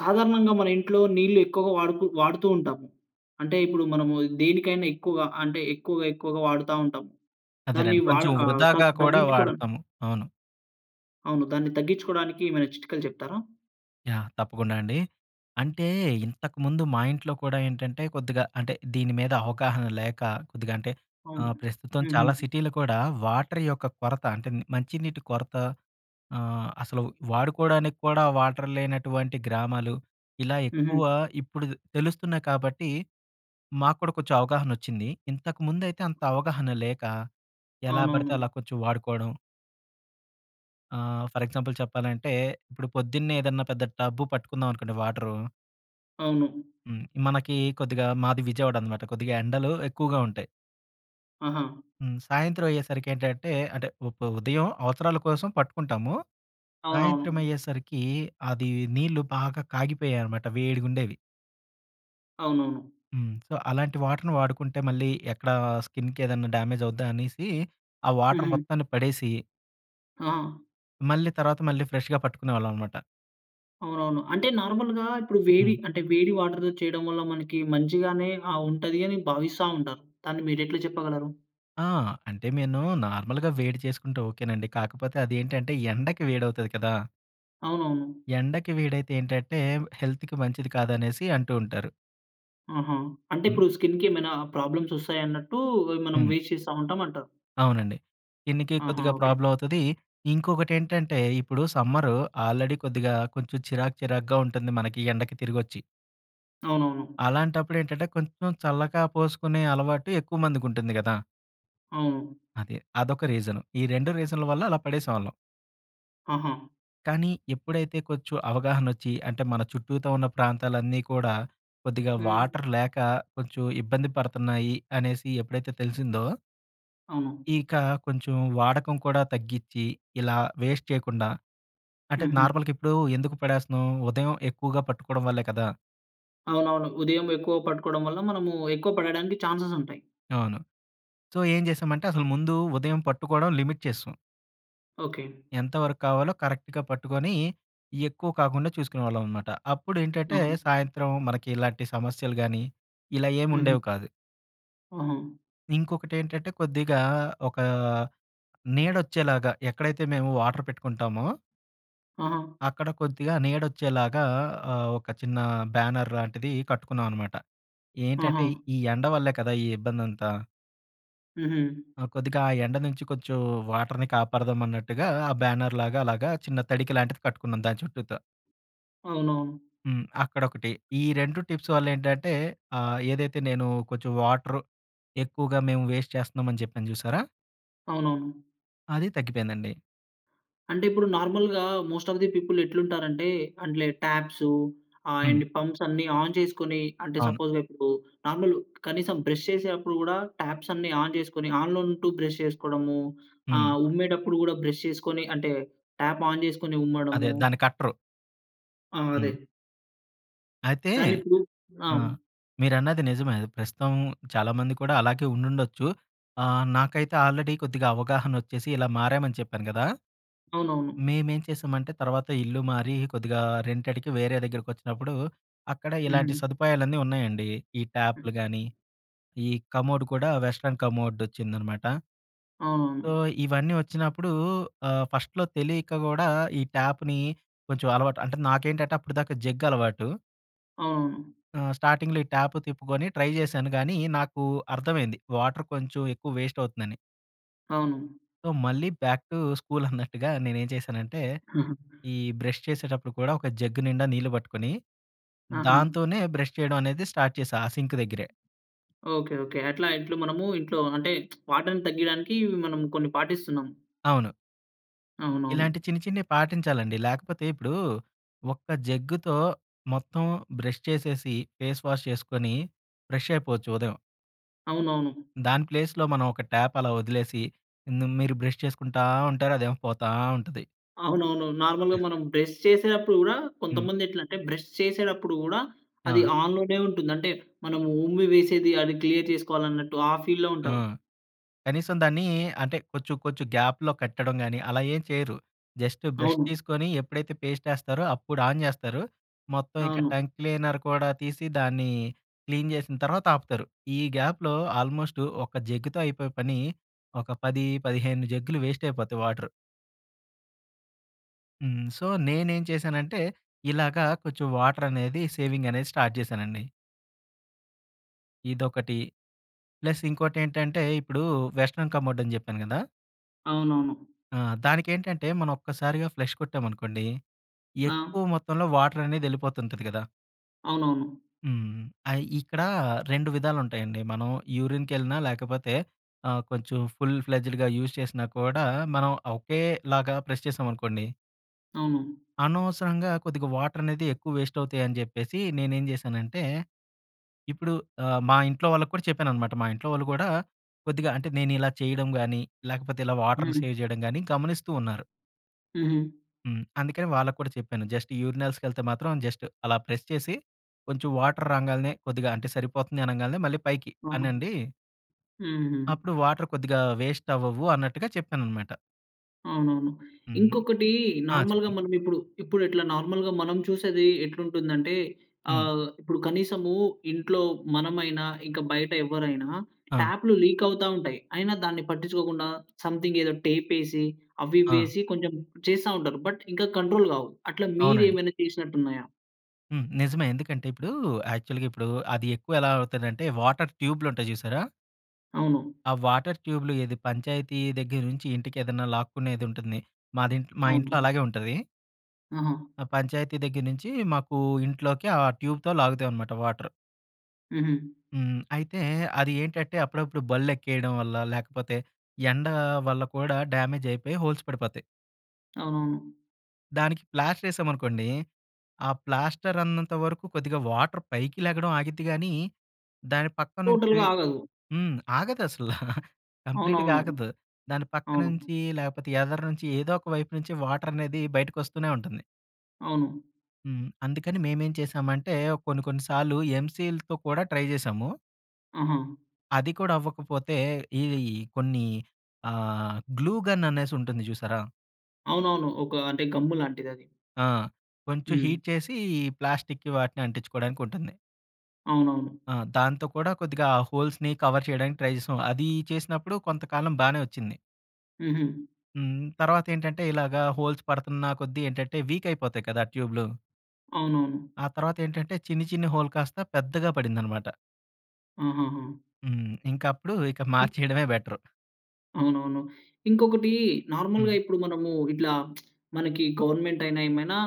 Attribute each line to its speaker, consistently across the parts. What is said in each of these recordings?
Speaker 1: సాధారణంగా మన ఇంట్లో నీళ్లు ఎక్కువగా వాడుకు వాడుతూ ఉంటాము. అంటే, ఇప్పుడు మనము దేనికైనా ఎక్కువగా అంటే, ఎక్కువగా, ఎక్కువగా వాడతా ఉంటం. దాన్ని
Speaker 2: అదేనండి.
Speaker 1: వాడ
Speaker 2: కొంచెం
Speaker 1: ఆహ్,
Speaker 2: వృధాగా
Speaker 1: దాన్ని
Speaker 2: కూడా,
Speaker 1: తగ్గించుకోవడాని
Speaker 2: వాడతాం. అవును.
Speaker 1: అవును. దాన్ని తగ్గించుకోవడానికి ఏమైనా చిట్కాలు చెప్తారా?
Speaker 2: యాహ్! తప్పకుండా అండి. అంటే, ఇంతకుముందు మా ఇంట్లో కూడా ఏంటంటే, కొద్దిగా అంటే, దీని మీద అవగాహన లేక కొద్దిగా అంటే,
Speaker 1: అవును.
Speaker 2: ఆహ్, ప్రస్తుతం
Speaker 1: హుహు.
Speaker 2: చాలా సిటీలో కూడా వాటర్ యొక్క కొరత అంటే, ని మంచినీటి కొరత ఆహ్, అసలు వాడుకోవడానికి కూడా, వాటర్ లేనటువంటి గ్రామాలు. ఇలా ఎక్కువ
Speaker 1: హుహ.
Speaker 2: ఇప్పుడు తే తెలుస్తున్నాయి కాబట్టి. మాకూడా కొచెం అవగాహన వచ్చింది. ఇంతకుముందు అయితే, అంత అవగాహన లేక, ఎలా బడితే
Speaker 1: అవునవును.
Speaker 2: అలా, కొంచెం వాడుకోవడం. ఆహ్! ఫర్ ఎగ్జాంపుల్ చెప్పాలంటే, ఇప్పుడు పొద్దున్నే, ఏదన్నా పెద్ద టబ్బు పట్టుకుందామనుకోండి వాటరు.
Speaker 1: అవును.
Speaker 2: హ్మ్! మనకి కొద్దిగా, మాది విజయవాడనమాట. కొద్దిగా, ఎండలు ఎక్కువగా ఉంటాయి.
Speaker 1: ఆహా!
Speaker 2: హ్మ్! సాయంత్రం అయ్యేసరికి ఏంటంటే, అంటే, వప్ ఉదయం అవసరాల కోసం పట్టుకుంటాము. సాయంత్రం
Speaker 1: అవునవును.
Speaker 2: అయ్యేసరికి అది, నీళ్ళు బాగా కాగిపోయ్యేయి అనమాట. వేడిగుండెవి.
Speaker 1: అవునవును.
Speaker 2: హ్మ్. సొ అలాంటి వాటర్‌ని వాడుకుంటే, మళ్ళీ ఎక్కడా స్కిన్‌కేదెన్నా డ్యామేజవుద్దా అనీసి, ఆ వాటర్
Speaker 1: హుహు.
Speaker 2: మొత్తాన్ని పడేసి...
Speaker 1: ఆ!
Speaker 2: మళ్ళీ తర్వాత మళ్ళీ ఫ్రెష్‌గా పట్టుకునేవాళ్ళం అనమాట.
Speaker 1: అవునవును. అంటే, నార్మల్‌గా ఇప్పుడు వేవి
Speaker 2: హ్మ్.
Speaker 1: అంటె వేడి వాటర్‌తో చేయడం వల్ల, మనకి మంచిగానే ఆహ్, ఉంటది అని భావిస్తా ఉంటారు. దాన్ని మీరెట్ల చెప్పగలరు?
Speaker 2: ఆ! అంటే మేను నార్మల్‌గా వేడి చేసుకుంటే, ఓకేనండి. కాకపోతే అదేంటంటే ఎండకి వేడౌతది కదా...
Speaker 1: అవునవును.
Speaker 2: ఎండకి వేడైతే ఏంటంటే, హెల్త్‌కి మంచిది కాదనేసి, అంటూ ఉంటారు.
Speaker 1: ఆహా! అంటే,
Speaker 2: హ్మ్.
Speaker 1: ఇప్పుడు స్కిన్‌కేమైనా ప్రాబ్లమ్స్ వస్తాయన్నట్టు, వ్ మనం
Speaker 2: హ్మ్.
Speaker 1: వేస్ట చేస్తా ఉంటాం అంటారు.
Speaker 2: అవునండి. స్కిన్‌కి
Speaker 1: ఆహా!
Speaker 2: కొద్దిగా
Speaker 1: ఓకె.
Speaker 2: ప్రోబ్లమ్ అవుతది. ఇంకొకటేంటంటే, ఇప్పుడు సమ్మరు ఆల్రెడీ కొద్దిగా కొంచెం చిరాక్, చిరాగ్గా ఉంటుంది మనకి, ఎండకి తిరిగొచ్చి.
Speaker 1: అవునవును.
Speaker 2: అలాంటప్పుడేంటంటే, కొంచెం చల్లగా పోసుకునే అలవాటు ఎక్కువ మందికుంటుంది కదా!
Speaker 1: అవును.
Speaker 2: అదే. అదొక రీజను. ఈ 2 రీజన్ల వల్ల అలా పడేసేవాళ్ళం.
Speaker 1: ఆహా!
Speaker 2: కానీ, ఎప్పుడైతే కొంచెం అవగాహనొచ్చి, అంటే మన చుట్టూతా ఉన్న ప్రాంతాలన్నీ కూడా, కొద్దిగా
Speaker 1: హ్మ్.
Speaker 2: వాటర్ లేక, కొంచెం ఇబ్బంది పడతన్నాయి, అనేసి ఎప్పుడైతే తెలిసిందో...
Speaker 1: అవును.
Speaker 2: ఇక కొంచెం వాడకం కూడా తగ్గిచ్చి, ఇలా వేస్ట్ చేయకుండా అంటే,
Speaker 1: హుహు.
Speaker 2: నార్మల్‌గిప్పుడు ఎందుకు పడేస్తున్నాం? ఉదయం ఎక్కువగా పట్టుకోవడం వల్లే కదా!
Speaker 1: అవునవును. ఉదయం ఎక్కువ పట్టుకోవడం వల్ల మనము ఎక్కువ పడడానికి ఛాన్సెస్ ఉంటాయి.
Speaker 2: అవును. సో, ఏం చేసామంటే అసలు ముందు ఉదయం పట్టుకోవడం లిమిట్ చేసేశాం...
Speaker 1: ఓకె.
Speaker 2: ఎంత వరకు కావాలో కరెక్ట్‌గా పట్టుకొని, ఎక్కువ కాకుండా చూసుకునేవాళ్ళం అన్నమాట. అప్పుడు ఏంటంటే,
Speaker 1: ఆహా!
Speaker 2: సాయంత్రం మనకి ఇలాంటి సమస్యలు గాని, ఇలా ఏమి
Speaker 1: ఉహూ.
Speaker 2: ఉండేవి కాదు.
Speaker 1: ఆహా!
Speaker 2: ఇంకొకటి ఏంటంటే కొద్దిగా ఒక ఆహ్, నీడ వచ్చేలాగా ఎక్కడైతే మేము వాటర్ పెట్టుకుంటామో...
Speaker 1: ఆహ!
Speaker 2: అక్కడ కొద్దిగా నీడ వచ్చేలాగా ఆహ్, ఒక ఆహ్, చిన్న బ్యానర్ లాంటిది కట్టుకున్నాం అనమాట.
Speaker 1: ఆహా!
Speaker 2: ఏంటంటే ఈ ఎండ వల్లే కదా ఈ ఇబ్బందంతా.
Speaker 1: ఉహూ.
Speaker 2: కొద్దిగా ఆ ఎండ నుంచి కొంచెం వాటర్‌ని కాపాడదాం అన్నట్టుగా ఆ బ్యానర్ లాగా అలాగా చిన్న తడిక లాంటిది కట్టుకున్నాం దాని చుట్టూత.
Speaker 1: అవునవును.
Speaker 2: హ్మ్. అక్కడొకటి. ఈ 2 టిప్స్ వల్ల ఏంటంటే ఆహ్, ఏదైతే నేను కొంచెం వాటర్ ఎక్కువగా మేము వేస్ట్ చేస్తున్నామని చెప్పాను చూసారా?
Speaker 1: అవునవును.
Speaker 2: అది తగ్గిపోయిందండి.
Speaker 1: అంటే ఇప్పుడు నార్మల్‌‌గా మోస్ట్ ఆఫ్ ది పీపుల్ ఎట్లుంటారంటే అంటే, టాప్సు ఆహ్,
Speaker 2: హ్మ్.
Speaker 1: ఎండ్ ఈ పంప్స్ అన్నీ ఆన్ చేసుకొని అంటే,
Speaker 2: అవును.
Speaker 1: సపోజ్ ఇప్పుడు నార్మల్ కనీసం బ్రష్ చేసేటప్పుడు కూడా టాప్స్ అన్నీ ఆన్ చేసుకొని, ఆన్‌లో ఉంటూ బ్రష్ చేసుకోవడము.
Speaker 2: హ్మ్.
Speaker 1: ఆహ్, ఉమ్మేటప్పుడు కూడా బ్రష్ చేసుకొని అంటే టాప్ ఆన్ చేసుకొని
Speaker 2: అదే
Speaker 1: ఉమ్మడము.
Speaker 2: దాన్ని కట్టరు.
Speaker 1: ఆ!
Speaker 2: హ్మ్.
Speaker 1: అదే.
Speaker 2: అయితే
Speaker 1: దాన్ని ఇప్పుడు
Speaker 2: అ!
Speaker 1: అవును.
Speaker 2: మీరన్నది నిజమే. ప్రస్తుతం చాలామంది కూడా అలాగే ఉండుండొచ్చు. ఆహ్, నాకైతే ఆల్రెడీ కొద్దిగా అవగాహన వచ్చేసి ఇలా మారామని చెప్పాను కదా!
Speaker 1: అవునవును.
Speaker 2: మేమేం చేసామంటే తర్వాత ఇల్లు మారి కొద్దిగా రెంటేడ్‌కి వేరే దగ్గరికి వచ్చినప్పుడు, అక్కడ ఇలాంటి
Speaker 1: హుహు.
Speaker 2: సదుపాయాలన్నీ ఉన్నాయండి. ఈ
Speaker 1: హ్మ్.
Speaker 2: ట్యాప్‌లు కాని, ఈ కమోడ్ కూడా వెస్టర్న్ కమోడ్ వచ్చిందనమాట. సో,
Speaker 1: అవునవును.
Speaker 2: ఇవన్నీ వచ్చినప్పుడూ ఆహ్, ఫస్ట‌లో తెలియక కూడా ఈ ట్యాప్‌ని కొంచెం అలవాటు అంటే నాకేంటంటే అప్పటిదాకా జగ్ అలవాటూ.
Speaker 1: అవునవును.
Speaker 2: ఆహ్, స్టార్టింగ్‌లో ఈ ట్యాప్ తిప్పుకొని ట్రై చేశాను కానీ నాకు అర్థమైంది వాటర్ కొంచెం ఎక్కువ వేస్ట్ అవుతుందని.
Speaker 1: అవును.
Speaker 2: సో మళ్ళీ బ్యాక్ టు స్కూల్ అన్నట్టుగా నేనెంచేశానంటే, ఈ బ్రష్ చేసేటప్పుడు కూడా ఒక జగ్ నిండా నీళ్లు పట్టుకొని,
Speaker 1: ఆహా!
Speaker 2: దాంతోనే బ్రష్ చేయడం అనేది స్టార్ట్ చేశా, ఆ సింకు దగ్గరే.
Speaker 1: Okay, okay. అట్లా ఇంట్లో మనము ఇంట్లో అంటే వాటర్‌ని తగ్గియడానికి, ఇవి మనం కొన్ని పాటిస్తున్నాం.
Speaker 2: అవును.
Speaker 1: అవునవును.
Speaker 2: ఇలాంటి చిన్ని చిన్నివి పాటించాలండి. లేకపోతే ఇప్పుడూ ఒక్క జగ్గుతో మొత్తం బ్రష్ చేసేసి ఫేస్ వాష్ చేసుకొని ఫ్రెష్ అయిపోవచ్చు ఉదయం.
Speaker 1: అవునవును.
Speaker 2: దాని ప్లేస్‌లో, మనం ఒక ట్యాప్ అలా వదిలేసి, హ్మ్, మీరు బ్రష్ చేసుకుంటా ఉంటారు, అదేమో పోతా ఉంటది.
Speaker 1: అవునవునవును. నార్మల్‌గా, మనం బ్రష్ చేసేప్పుడు కూడా,
Speaker 2: హ్మ్.
Speaker 1: కొంతమంది ఎట్లా అంటే బ్రష్ చేసేటప్పుడు గూడా, అది
Speaker 2: ఆ!
Speaker 1: ఆన్‌లోనే ఉంటుంది. అంటే, మనం ఉమ్మి వేసేది, అది క్లియర్ చేసుకోవాలి అన్నట్టు, ఆ ఫీల్‌లో
Speaker 2: ఆ!
Speaker 1: ఉంటారు.
Speaker 2: కనీసం దాన్ని అంటే, కొంచెం, కొంచెం గ్యాప్‌లో కట్టడం కాని, అలా ఏం చేయరు. జస్ట్ బ్రష్
Speaker 1: అవును.
Speaker 2: తీసుకొని ఎప్పుడైతే పేస్ట్ ఏస్తారో, అప్పుడు ఆన్ చేస్తారు. మొత్తం ఇక
Speaker 1: అవును.
Speaker 2: టంగ్ క్లీనర్ కూడా తీసి, దాన్ని క్లీన్ చేసిన తర్వాత ఆపుతారు. ఈ గ్యాప్‌లో, ఆల్మోస్టు ఒక జగ్గుతో అయిపోయే పని, ఒక 10, 15 జగ్గులు వేస్ట్ అయిపోతాయి వాటరు... హ్మ్, సో, నేనేం చేశానంటే, ఇలాగ కొంచెం వాటర్ అనేది సేవింగ్ అనేది స్టార్ట్ చేశానండి. ఇదొకటి, ప్లస్ ఇంకోటి ఏంటంటే, ఇప్పుడు వెస్టర్న్ కమోడ్ అని చెప్పాను కదా!
Speaker 1: అవునవును.
Speaker 2: ఆ! దానికేంటంటే, మనం ఒక్కసారిగా ఫ్లష్ కొట్టామనుకోండి,
Speaker 1: ఆ!
Speaker 2: ఎక్కువ మొత్తంలో వాటర్ అనేది వెళ్ళిపోతుంటది కదా!
Speaker 1: అవునవును.
Speaker 2: హ్మ్. ఐ ఇక్కడ, 2 విధాలు ఉంటాయండి. మనం యూరిన్‌కెళ్ళినా లేకపోతే, ఆహ్, కొంచెం ఫుల్ ఫ్లెడ్జెడ్‌గా యూజ్ చేసినా కూడా, మనం ఒకేలాగా ప్రెస్ చేసామనుకోండి
Speaker 1: అవును.
Speaker 2: అనవసరంగా, కొద్దిగా వాటరనేది ఎక్కువ వేస్ట్ అవుతాయని చెప్పేసి, నేనేం చేశానంటే, ఇప్పుడు ఆహ్, మా ఇంట్లో వాళ్ళకి కూడా చెప్పాననమాట. మా ఇంట్లో వాళ్ళు కూడా, కొద్దిగా అంటే, నేనిలా చేయడం గాని లేకపోతే ఇలా వాటర్‌ని,
Speaker 1: హ్మ్.
Speaker 2: సేవ్ చేయడం గాని, గమనిస్తూ ఉన్నారు.
Speaker 1: హుహు.
Speaker 2: హ్మ్. అందుకని వాళ్ళకూడా చెప్పాను. జస్ట్, యూరినల్స్‌కి ఏళ్తే మాత్రం జస్ట్ అలా ప్రెస్ చేసి కొంచెం వాటర్ రాంగాల్నే, కొద్దిగా అంటే, సరిపోతుంది అనంగాల్నే మళ్ళీ పైకి
Speaker 1: ఆహా!
Speaker 2: అనండి..."
Speaker 1: హుహు.
Speaker 2: "అప్పుడు వాటర్ కొద్దిగా వేస్ట్ అవ్వవు" అన్నట్టుగా చెప్పానన్నమాట.
Speaker 1: అవునవును.
Speaker 2: హ్మ్.
Speaker 1: ఇంకొకటీ
Speaker 2: ఆ!
Speaker 1: నార్మల్‌గా
Speaker 2: చెప్పండి.
Speaker 1: మనం ఇప్పుడు, ఇప్పుడు ఎట్లా నార్మల్‌గా మనం చూసేది ఎట్లుంటుందంటే
Speaker 2: హ్మ్.
Speaker 1: ఆహ్, ఇప్పుడు కనీసము ఇంట్లో మనమైనా ఇంక, బయట ఎవ్వరైనా
Speaker 2: ఆ!
Speaker 1: ట్యాప్‌లు లీకౌతా ఉంటాయి. అయినా, దాన్ని పట్టించుకోకుండా సంథింగ్ ఏదో టేపేసి,
Speaker 2: ఆ!
Speaker 1: అవివేసి, కొంచెం చేస్తా ఉంటారు. బట్ ఇంకా కంట్రోల్ కావు. అట్లా
Speaker 2: అవునండి.
Speaker 1: మీరేమైనా చేసినట్టు ఉన్నాయా?
Speaker 2: హ్మ్. నిజమే. ఎందుకంటే, ఇప్పుడూ యాక్చువల్‌గా ఇప్పుడు, అది ఎక్కువ ఎలా అవుతదంటే, వాటర్ ట్యూబ్‌లుంటాయి చూసారా?...
Speaker 1: అవును.
Speaker 2: ఆ వాటర్ ట్యూబ్‌లు ఏది, పంచాయతీ దగ్గరి నుంచి, ఇంటికి ఏదన్నా లాక్కునేది ఉంటుంది. మాది ఇంట్లో మా ఇంట్లో
Speaker 1: అవును.
Speaker 2: అలాగే ఉంటది.
Speaker 1: ఆహా!
Speaker 2: ఆ పంచాయతీ దగ్గర నించి మాకు ఇంట్లోకి ఆ ట్యూబ్‌తో లాగుతాయి అనమాట వాటర్.
Speaker 1: హుహు.
Speaker 2: హ్మ్, అయితే అది ఏంటంటే అప్పుడప్పుడు బళ్ళు ఎక్కేయడం వల్ల, లేకపోతే ఎండ వల్ల కూడా డ్యామేజ్ అయిపోయి హోల్స్ పడిపోతాయి...
Speaker 1: అవునవును.
Speaker 2: దానికి ప్లాస్టర్ ఎశామనుకోండి ఆ ప్లాస్టర్ ఉన్నంత వరకు కొద్దిగా వాటర్ పైకి లెగడం ఆగిద్ది గానీ, దాని పక్క నుంచి
Speaker 1: టోటల్‌గా ఆగదు.
Speaker 2: హ్మ్, ఆగదు అసల. కంప్లీట్‌గా
Speaker 1: అవునవును,
Speaker 2: ఆగదు. దాని పక్క
Speaker 1: అవును.
Speaker 2: నుంచి, లేపోతే ఎదర నుంచి ఏదో ఒక వైపు నుంచి వాటర్ అనేది బయటకి వస్తూనే ఉంటుంది.
Speaker 1: అవును.
Speaker 2: హ్మ్, అందుకని మేమేం చేశామంటే కొన్ని కొన్ని సార్లు ఎమ్‌సీల్‌తో కూడా ట్రై చేశాము...
Speaker 1: ఆహా!
Speaker 2: అది కూడా అవ్వకపోతే ఈ కొన్ని ఆహ్, గ్లూ గన్ అనేసి ఉంటుంది చూసారా?
Speaker 1: అవునవును ఒకా అంటే గమ్ము లాంటిదది.
Speaker 2: ఆ! కొంచెం
Speaker 1: హ్మ్.
Speaker 2: హీట్ చేసి ప్లాస్టిక్‌కి వాటిని అంటించుకోడానికి ఉంటుంది.
Speaker 1: అవునవును.
Speaker 2: ఆ! దాంతో కూడా కొద్దిగా హోల్స్‌ని కవర్ చేయడానికి ట్రై చేసాం. అది చేసినప్పుడు కొంతకాలం బానే వచ్చింది.
Speaker 1: హుహు.
Speaker 2: హ్మ్, తర్వాత ఏంటంటే ఇలాగ హోల్స్ పడతున్న కొద్దీ ఏంటంటే వీక్ అయిపోతాయి కదా, ట్యూబ్‌లు.
Speaker 1: అవునవును.
Speaker 2: ఆ తర్వాత ఏంటంటే చిన్ని, చిన్ని హోల్ కాస్త పెద్దగా పడిందన్నమాట.
Speaker 1: ఆహాహా!
Speaker 2: హ్మ్. ఇంక అప్పుడు ఇక
Speaker 1: ఇ
Speaker 2: మార్చేయడమే బెటర్.
Speaker 1: అవునవును. ఇంకొకటీ
Speaker 2: హ్మ్.
Speaker 1: నార్మల్‌గా ఇప్పుడు మనము ఇట్లా మనకి గవర్నమెంట్ అయినా ఏమైనా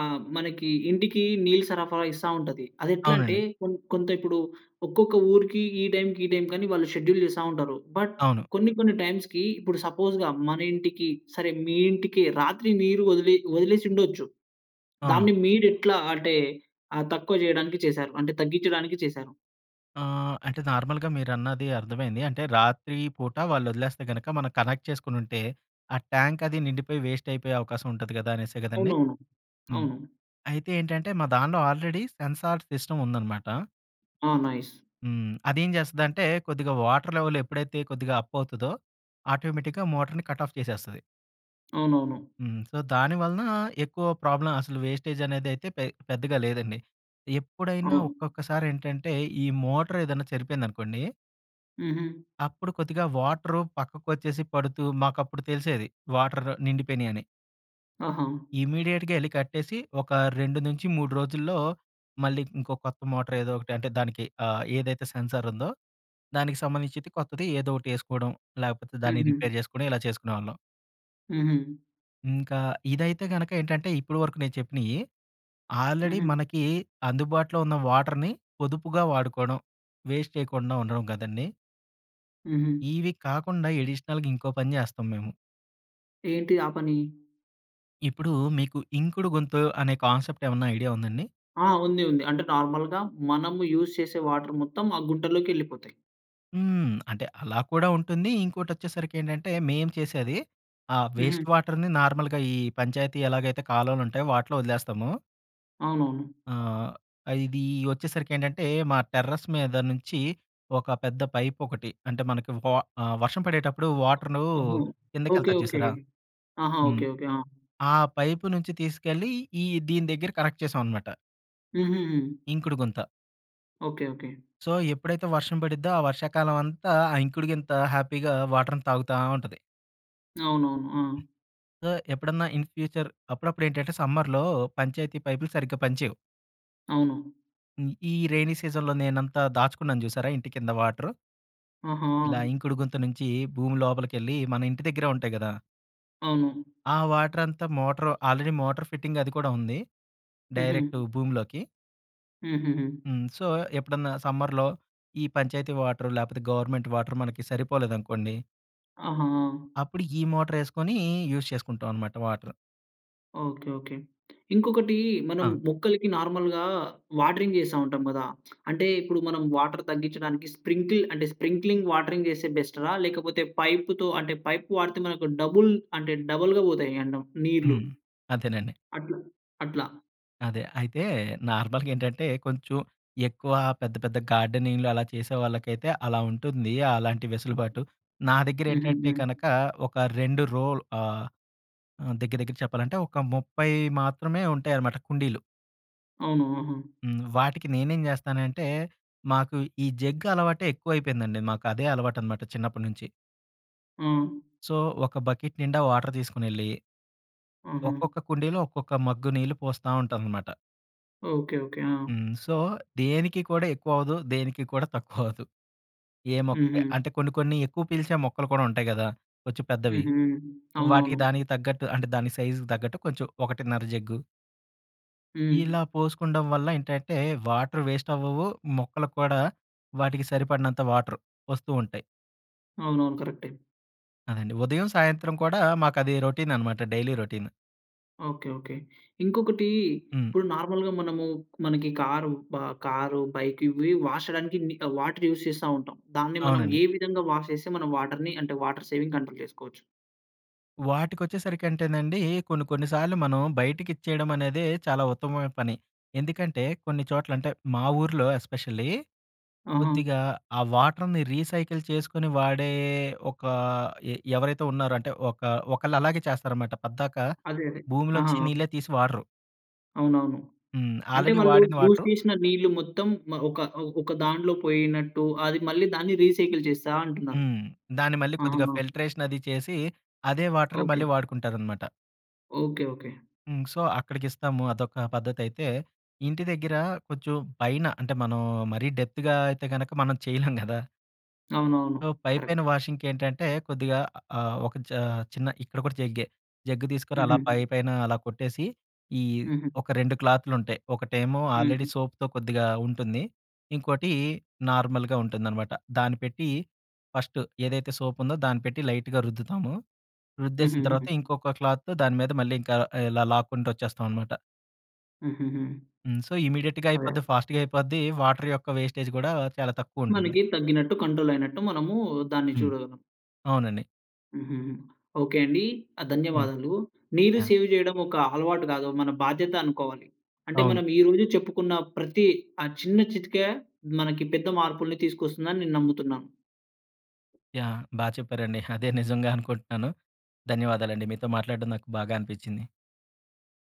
Speaker 1: ఆహ్, మనకి ఇంటికి నీళ్లు సరఫరా ఇస్తా ఉంటది. అదెట్లంటే
Speaker 2: అవునండి.
Speaker 1: కొం కొంత ఇప్పుడు, ఒక్కొక్క ఊరికి ఈ టైంకి ఈ టైంకి అని వాళ్ళు షెడ్యూల్ చేస్తా ఉంటారు. బట్
Speaker 2: అవును.
Speaker 1: కొన్ని, కొన్ని టైమ్స్‌కి ఇప్పుడు సపోస్‌గా మన ఇంటికి, సరే మీ ఇంటికి రాత్రి నీరు వదిలేయ్ వదిలేసి ఉండొచ్చు.
Speaker 2: ఆ!
Speaker 1: దాన్ని మీరు ఎట్లా అంటే ఆ! తక్కువ చేయడానికి చేసారు? అంటే తగ్గిచ్చడానికి చేశారు?
Speaker 2: ఆ! అంటే నార్మల్‌గా మీరన్నది అర్థమైంది. అంటే రాత్రి పూట వాళ్ళొదిలేస్తే గనుక మనం కనెక్ట్ చేసుకొనుంటే ఆ ట్యాంక్ అదీ నిండిపోయి వేస్ట్ అయిపోయే అవకాశం ఉంటది కదా! అనేసే కదండీ!
Speaker 1: అవునవును.
Speaker 2: హ్మ్.
Speaker 1: అవును.
Speaker 2: అయితే ఏంటంటే మా దాన్లో ఆల్రెడీ సెన్సార్ సిస్టమ్ ఉందన్నమాట
Speaker 1: ఓహ్! నైస్.
Speaker 2: హ్మ్. అదేం చేస్తదంటే కొద్దిగా వాటర్ లెవెల్ ఎప్పుడైతే కొద్దిగా అప్ అవుతదో ఆటోమేటిక్‌గా మోటార్‌ని కట్ ఆఫ్ చేసేస్తది.
Speaker 1: అవునవును.
Speaker 2: హ్మ్. సో, దాని వలన, ఎక్కువ ప్రాబ్లమ్ అసలు వేస్టేజ్ అనేది అయితే పె పెద్దగా లేదండి. ఎప్పుడైనా
Speaker 1: అవును.
Speaker 2: ఒక్కొక్కసారేంటంటే ఈ మోటర్ ఏదైనా చెడిపోయిందనుకోండి
Speaker 1: హుహు.
Speaker 2: అప్పుడు కొద్దిగా వాటరు పక్కకొచ్చేసి పడుతూ, మాకు అప్పుడు తెలిసేది, వాటర్ నిండిపోయినాయి అని.
Speaker 1: ఓహో!
Speaker 2: ఇమ్మీడియేట్‌గా ఎళ్ళి కట్టేసి, ఒక 2 నుంచి 3 రోజుల్లో, మళ్ళీ ఇంకో కొత్త మోటార్ ఏదో ఒకటి అంటే, దానికి ఆహ్, ఏదైతే సెన్సార్ ఉందో, దానికి సంబంధించిది కొత్తది ఏదో ఒకటి ఏసుకోడం, లేకపోతే దాన్ని
Speaker 1: హుహు.
Speaker 2: రిపేర్ చేసుకొని, ఇలా చేసుకునేవాళ్ళం.
Speaker 1: హుహు.
Speaker 2: ఇంకా, ఇదైతే గనక ఏంటంటే, ఇప్పుడు వరకు నేను చెప్పినయి, ఆల్రెడీ
Speaker 1: హుహు.
Speaker 2: మనకీ అందుబాటులో ఉన్న వాటర్‌ని, పొదుపుగా వాడుకోడం, వేస్ట్ చేయకుండా ఉండడం గదండీ!
Speaker 1: హుహు.
Speaker 2: ఇవి కాకుండా, ఎడిషనల్‌గా ఇంకో పని జేస్తాం మేము.
Speaker 1: ఏంటి, ఆ పని?
Speaker 2: ఇప్పుడు మీకు, ఇంకుడు గుంత అనే కాన్సెప్ట్ ఏమన్నా ఐడియా ఉందాండి?
Speaker 1: ఆ! ఉంది, ఉంది. అంటే నార్మల్‌గా, మనము యూజ్ చేసే వాటర్ మొత్తం, ఆ గుంటలోకి యెళ్ళిపోతాయి.
Speaker 2: హ్మ్. అంటే, అలా కూడా ఉంటుంది. ఇంకోటి వచ్చేసరికి ఏంటంటే, మేము చేసేది, ఆ
Speaker 1: హుహు.
Speaker 2: వేస్ట్ వాటర్‌ని నార్మల్‌గా ఈ పంచాయతీ ఎలాగైతే కాలువలు ఉంటాయో, వాటిలో వదిలేస్తాము.
Speaker 1: అవునవును.
Speaker 2: ఆహ్, అ ఇది వచ్చేసరికి ఏంటంటే, మా టెర్రస్ మీద నుంచి, ఒక పెద్ద పైప్ ఒకటి, అంటే మనకు వ ఆహ్, వర్షం పడేటప్పుడు వాటరూ,
Speaker 1: ఓహో! ఓకే,
Speaker 2: కిందకెళ్తాది
Speaker 1: ఓకే.
Speaker 2: చూసారా!
Speaker 1: ఆహా!
Speaker 2: హ్మ్.
Speaker 1: Okay, okay. ఆ!
Speaker 2: ఆ పైపు నుంచి తీసుకెళ్ళి, ఈ దీని దగ్గర కనెక్ట్ చేసామన్నమాట.
Speaker 1: హుహుహు.
Speaker 2: ఇంకుడు గుంత.
Speaker 1: ఓకె. ఓకె.
Speaker 2: సో, ఎప్పుడైతే వర్షం ప‌‌డి‌‌ద్దో, ఆ వర్షాకాలం అంతా, ఆ ఇంకుడి‌గింత హ్యాపీగా వాటర్ ని తాగుతా ఉంటది.
Speaker 1: అవునవును. ఆ!
Speaker 2: సో, ఎప్పుడన్నా ఇన్ ఫ్యూచర్ అప్పుడప్పుడు ఏంటంటే, సమ్మర్‌‌లో పంచాయతీ పైపులు సరిగ్గా పని చేయవు.
Speaker 1: అవును.
Speaker 2: ఈ రైనీ సీజన్‌లో నేనంతా, దాచుకున్నాను చూసారా! ఇంటి కింద వాటరు. ఇలా
Speaker 1: ఆహా!
Speaker 2: ఇంకుడు గుంత నుంచి, భూమి లోపలికెళ్ళి, మన ఇంటి దగ్గరే ఉంటాయి కదా!
Speaker 1: అవును.
Speaker 2: ఆ వాటర్ అంతా, మోటార్ ఆల్రెడీ మోటార్ ఫిట్టింగ్ అది కూడా ఉంది. డైరెక్ట్
Speaker 1: హుహు.
Speaker 2: భూమిలోకి.
Speaker 1: హుహుహు.
Speaker 2: హ్మ్, సో, ఎప్పుడన్నా సమ్మర్‌లో ఈ పంచాయతీ వాటరు లేకపోతే గవర్నమెంట్ వాటరు మనకి సరిపోలేదనుకోండి.
Speaker 1: ఆహా!
Speaker 2: అప్పుడు, ఈ మోటారేసుకొని యూజ్ చేసుకుంటామన్నమాట వాటర్.
Speaker 1: ఓకె. ఓకె. ఇంకొకటీ, మనం
Speaker 2: ఆ!
Speaker 1: మొక్కలకి నార్మల్‌గా వాటరింగ్ చేస్తా ఉంటాం కదా! అంటే ఇప్పుడు మనం వాటర్ తగ్గించడానికి స్ప్రింకిల్ అంటే స్ప్రింక్లింగ్ వాటరింగ్ చేస్తే బెస్టా? లేకపోతే పైప్‌తో పైప్ వాడితే మనకు డబుల్ అంటే డబుల్‌గా పోతాయి అంట నీళ్ళు,
Speaker 2: హ్మ్. అదేనండి.
Speaker 1: అట్లా అట్లా.
Speaker 2: అదే, అయితే నార్మల్‌గా ఏంటంటే, కొంచెం ఎక్కువా పెద్ద, పెద్ద గార్డెనింగ్‌లు అలా చేసే వాళ్ళకైతే, అలా ఉంటుంది. అలాంటి వెసులుబాటు. నా దగ్గర ఏంటంటే,
Speaker 1: హుహుహు.
Speaker 2: కనకా ఒక 2 రో‌ ఆహ్, దగ్గర, దగ్గర చెప్పాలంటే ఒక 30 మాత్రమే ఉంటాయన్నమాట కుండీలు.
Speaker 1: అవును. ఆహా!
Speaker 2: హ్మ్. వాటికి నేనేం జేస్తానంటే మాకు ఈ జగ్ అలవాటే ఎక్కువైపోయిందండి. మాకు అదే అలవాటు అనమాట చిన్నప్పడి నుంచి.
Speaker 1: ఆ!
Speaker 2: సో. ఒక బకెట్ నిండా వాటర్ తీసుకొనెళ్ళి.
Speaker 1: ఆహా!
Speaker 2: ఒక్కొక్క కుండీలో ఒక్కొక్క మగ్గు నీళ్లు పోస్తా ఉంటానన్నమాట.
Speaker 1: Okay, okay. ఆ!
Speaker 2: హ్మ్. సో దేనికి కూడా ఎక్కువ అవ్వదు. దేనికి కూడా తక్కువ అవ్వదు. ఏ మొక్క
Speaker 1: హుహు.
Speaker 2: అంటే కొన్ని కొన్ని ఎక్కువ పీల్చే మొక్కలు కూడా ఉంటాయి గదా! కొంచెం పెద్దవి.
Speaker 1: హుహు.
Speaker 2: వాటికి
Speaker 1: అవునవును.
Speaker 2: దానికి తగ్గట్టు అంటే దాని సైజుకి తగ్గట్టు కొంచెం ఒకటిన్నర జగ్గు.
Speaker 1: హ్మ్.
Speaker 2: ఇలా పోసుకుంటం వల్ల ఏంటంటే వాటర్ వేస్ట్ అవ్వవు. మొక్కలక్కూడా వాటికి సరిపడినంత వాటర్ వస్తూ ఉంటాయి.
Speaker 1: అవునవును. కరేక్టే.
Speaker 2: అదండి. ఉదయం, సాయంత్రం కూడా మాకు అది రొటీన్ అనమాట డైలీ రొటీన్.
Speaker 1: ఓకె. ఓకె. ఇంకొకటీ
Speaker 2: హ్మ్.
Speaker 1: ఇప్పుడు నార్మల్‌గా మనము మనకి కారు బా కారు, బైక్ ఇవీ వాష్ చేయడానికి మి ఆహ్, వాటర్ యూస్ చేస్తా ఉంటాం. దాన్ని మనం
Speaker 2: అవునండి.
Speaker 1: ఏ విధంగా వాష్ చేస్తే మనం వాటర్‌ని అంటే వాటర్ సేవింగ్ కంట్రోల్ చేసుకోవచ్చు.
Speaker 2: వాటికొచ్చేసరికి అంటేనండి. కొన్ని కొన్ని సార్లు మనం బయటకిచ్చేయడం అనేదే చాలా ఉత్తమమైన పని. ఎందుకంటే కొన్ని చోట్ల, అంటే మా ఊర్లో ఎస్పెషల్లీ,
Speaker 1: ఆహా!
Speaker 2: కొద్దిగా ఆ వాటర్‌ని రీసైకిల్ చేసుకొని వాడే ఒక ఎ ఎవరైతే ఉన్నారో అంటే ఒక ఒకళ్ళు అలాగే చేస్తారనమాట పద్దాక
Speaker 1: అదే. అదే.
Speaker 2: భూమిలో
Speaker 1: ఆహా!
Speaker 2: నుంచి నీళ్లే తీసి వాడరు.
Speaker 1: అవునవును.
Speaker 2: హ్మ్,
Speaker 1: అంటే
Speaker 2: ఆల్రెడీ
Speaker 1: వాళ్ళు
Speaker 2: వాడిన
Speaker 1: యూస్
Speaker 2: వాటరు.
Speaker 1: చేసిన నీళ్ళు మొత్తం మ ఒక ఒక దాంట్లో పోయినట్టు అది మళ్ళీ దాన్ని రీసైకిల్ చేస్తా అంటున్నారు.
Speaker 2: హ్మ్, దాన్ని మళ్ళీ కొద్దిగా
Speaker 1: ఆహా!
Speaker 2: ఫిల్ట్రేషన్ అది చేసి అదే వాటర్
Speaker 1: ఓకే.
Speaker 2: మళ్ళీ వాడుకుంటారనమాట.
Speaker 1: Okay, okay.
Speaker 2: హ్మ్, సో అక్కడికిస్తాము అదొక పద్ధతైతే ఇంటి దగ్గర కొంచెం పైన అంటే మనం మరీ డెప్త్‌గా అయితే గనక మనం చేయలేం గదా!
Speaker 1: అవునవును.
Speaker 2: సో పైపైన
Speaker 1: కరక్టే.
Speaker 2: వాషింగ్కేంటంటే కొద్దిగా ఆహ్, ఒక చ చిన్న ఇక్కడ కూడా జగ్గే. జగ్గు తీసుకొని అలా
Speaker 1: హుహు.
Speaker 2: పైపైన అలా కొట్టేసి ఈ
Speaker 1: హుహు.
Speaker 2: ఒక 2 క్లాత్లు ఉంటాయి. ఒకటేమో ఆల్రెడీ
Speaker 1: హుహు.
Speaker 2: సోప్‌తో కొద్దిగా ఉంటుంది. ఇంకోటి నార్మల్‌గా ఉంటుందనమాట. దాన్ని పెట్టి ఫస్ట్ ఏదైతే సోప్ ఉందో దాన్ని పెట్టి లైట్‌గా రుద్దుతాము. రుద్దేసిన తర్వాత
Speaker 1: హుహు.
Speaker 2: ఇంకొక క్లాత్‌తో దాని మీద మళ్ళీ ఇంకా ఆహ్, ఇలా లాక్కుంటూ వచ్చేస్తాం అనమాట.
Speaker 1: హుహుహు.
Speaker 2: హ్మ్, సో ఇమిడియట్‌గా
Speaker 1: అదే.
Speaker 2: అయిపోద్ది ఫాస్ట్‌గా అయిపోద్ది. వాటర్ యొక్క వేస్టేజ్ కూడా చాలా తక్కువ ఉంటుంది.
Speaker 1: మనకి తగ్గినట్టు, కంట్రోల్ అయినట్టు మనమూ దాన్ని
Speaker 2: హ్మ్,
Speaker 1: చూడగలం.
Speaker 2: అవునండి.
Speaker 1: హుహుహు, ఓకే అండి. ఆహ్,
Speaker 2: హ్మ్,
Speaker 1: ధన్యవాదాలు. నీరు
Speaker 2: యాహ్!
Speaker 1: సేవ్ చేయడం ఒక అలవాటు గాదు. మన బాధ్యత అనుకోవాలి. అంటే
Speaker 2: అవును.
Speaker 1: మనం ఈ రోజు చెప్పుకున్న ప్రతీ ఆ చిన్న చిట్కా మనకి పెద్ద మార్పులు తీసుకొస్తుందని నేను నమ్ముతున్నాను.
Speaker 2: యాహ్! బా చెప్పారండి. అదే నిజంగా అనుకుంటున్నాను ధన్యవాదాలండి. మీతో మాట్లాడడం నాకు బాగా అనిపిచ్చింది.